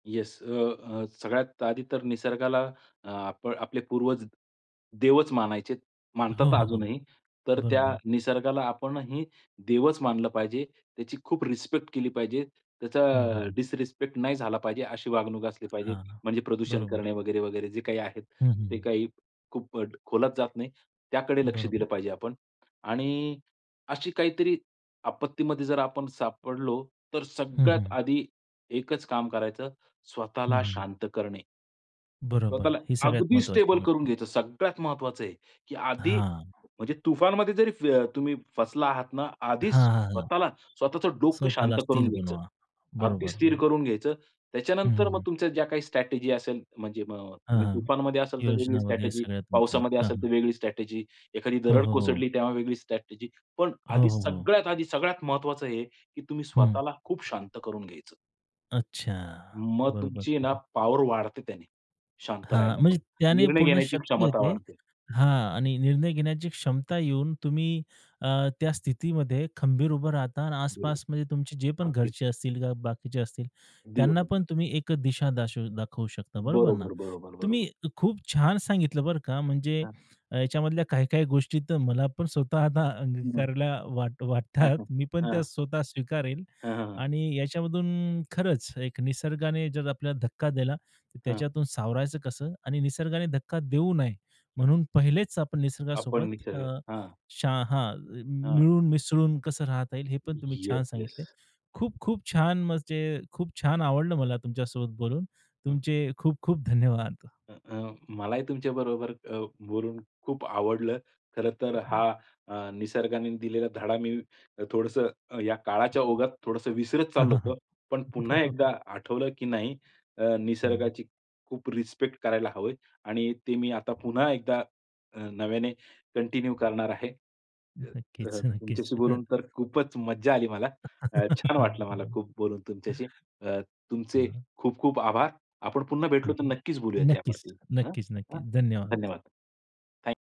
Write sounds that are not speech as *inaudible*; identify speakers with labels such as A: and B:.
A: Yes, अ, अ, सगळ्यात आधी तर निसर्गाला आप आपले पूर्वज देवच मानायचेत,
B: हो,
A: मानतात
B: हो, हो.
A: अजूनही. तर त्या
B: बरोबर.
A: निसर्गाला आपणही देवच मानलं पाहिजे. त्याची खूप रिस्पेक्ट केली पाहिजे. त्याचा
B: हं, हं, हं.
A: डिसरिस्पेक्ट नाही झाला पाहिजे, अशी वागणूक असली पाहिजे.
B: हां.
A: म्हणजे प्रदूषण
B: बरोबर.
A: करणे वगैरे-वगैरे. जे काही आहे
B: हं, हं,
A: ते
B: हं.
A: काही खूप अ, खोलात जात नाही. त्याकडे लक्ष
B: बरोबर.
A: दिलं पाहिजे आपण. आणि अशी काहीतरी आपत्तीमध्ये जर आपण सापडलो. तर
B: हं,
A: सगळ्यात
B: हं.
A: आधी एकच काम करायचं,
B: हं,
A: स्वतःला
B: हं.
A: शांत करणे.
B: बरोबर,
A: स्वतःला
B: ही सगळ्यात
A: अगदी
B: महत्वाची
A: स्टेबल
B: गोष्ट
A: करून
B: आहे.
A: घ्यायचं, सगळ्यात महत्वाचं आहे, की आधी
B: हां.
A: म्हणजे तुफानमध्ये जरी अ, तुम्ही फसला आहात ना, आधीच
B: हां, हां, हां.
A: स्वतःला स्वतःचं डोकं शांत
B: स्वतःला
A: करून
B: स्थिर
A: घ्यायचं.
B: बनवा.
A: अगदी
B: बरोबर,
A: स्थिर
B: बरोबर.
A: करून घ्यायचं.
B: हं, हं,
A: त्याच्यानंतर मग
B: हं.
A: तुमच्या ज्या काही स्ट्रॅटेजी असेल, म्हणजे मग अ,
B: हां
A: तुम्ही
B: हां,
A: तुफानमध्ये असेल तर वेगळी
B: योजना वगैरे
A: स्ट्रॅटेजी,
B: सगळ्या तुमच्या.
A: पावसामध्ये
B: हां,
A: असेल तर
B: हां.
A: वेगळी स्ट्रॅटेजी, एखादी
B: हो,
A: दरड
B: हो, हो.
A: कोसळली तेव्हा वेगळी स्ट्रॅटेजी. पण
B: हो,
A: आधी
B: हो, हो.
A: सगळ्यात आधी सगळ्यात महत्वाचं हे, की तुम्ही
B: हं.
A: स्वतःला खूप शांत करून घ्यायचं.
B: अच्छा.
A: मग
B: बरोबर,
A: तुमची आहे ना
B: बरोबर.
A: पॉवर वाढते त्याने शांत
B: हां, म्हणजे
A: राहिल्यामुळे,
B: त्याने
A: निर्णय
B: पूर्ण
A: घेण्याची
B: शक्ती
A: क्षमता
B: येते.
A: वाढते.
B: हां आणि निर्णय घेण्याची क्षमता येऊन तुम्ही अ, त्या स्थितीमध्ये खंबीर उभं राहता आणि
A: बरं,
B: आसपास म्हणजे तुमचे जे पण
A: अगदी.
B: घरचे असतील किंवा बाकीचे असतील,
A: अगदी
B: त्यांना पण
A: बरोबर.
B: तुम्ही एक दिशा दाशवू दाखवू शकता. बरोबर ना?
A: बरोबर, बरोबर, बरोबर.
B: तुम्ही खूप छान सांगितलं बरं का. म्हणजे
A: हां.
B: याच्यामधल्या काही-काही गोष्टी तर मला पण स्वतः आता
A: हं, हं.
B: अंगीकारला वाट
A: हां,
B: वाटतात.
A: हां,
B: *chuckles* मी पण त्या
A: हां.
B: स्वतः स्वीकारेल.
A: हं, हं, हं.
B: आणि याच्यामधून खरंच एक निसर्गाने जर आपल्याला धक्का दिला तर
A: हां.
B: त्याच्यातून सावरायचं कसं आणि निसर्गाने धक्का देऊ नये म्हणून पहिलेच आपण
A: आपण
B: निसर्गासोबत
A: निसर्ग
B: अ,
A: हां.
B: शा हां.
A: हां.
B: मिळून मिसळून कसं राहता येईल. हे पण तुम्ही छान
A: येस,
B: सांगितलंय.
A: येस.
B: खूप खूप छान म्हणजे खूप छान. आवडलं मला तुमच्यासोबत बोलून,
A: हं.
B: तुमचे खूप खूप धन्यवाद!
A: अ, अ, मलाही तुमच्या बरोबर अ, बोलून खूप आवडलं. खरं तर हा अ, निसर्गाने दिलेला धडा मी थोडंसं या काळाच्या ओघात थोडंसं विसरत
B: हां,
A: चाललो
B: हां, हां.
A: होतो. पण पुन्हा एकदा
B: बरोबर.
A: आठवलं, की नाही अ,
B: हं.
A: निसर्गाची खूप रिस्पेक्ट करायला हवं आहे आणि ते मी आता पुन्हा एकदा अ, नव्याने कंटिन्यू करणार आहे. अ, अ,
B: नक्कीच नक्कीच.
A: तुमच्याशी
B: *chuckles*
A: बोलून खरं खूपच मज्जा आली मला. अ,
B: *chuckles*
A: छान
B: हं,
A: वाटलं मला खूप बोलून तुमच्याशी. अ, तुमचे
B: हं.
A: खूप खूप आभार. आपण पुन्हा
B: हं,
A: भेटलो तर
B: हं.
A: नक्कीच बोलूयात
B: नक्कीच.
A: यावरती अ,
B: नक्कीच,
A: अ,
B: नक्कीच. धन्यवाद.
A: धन्यवाद. Thank you.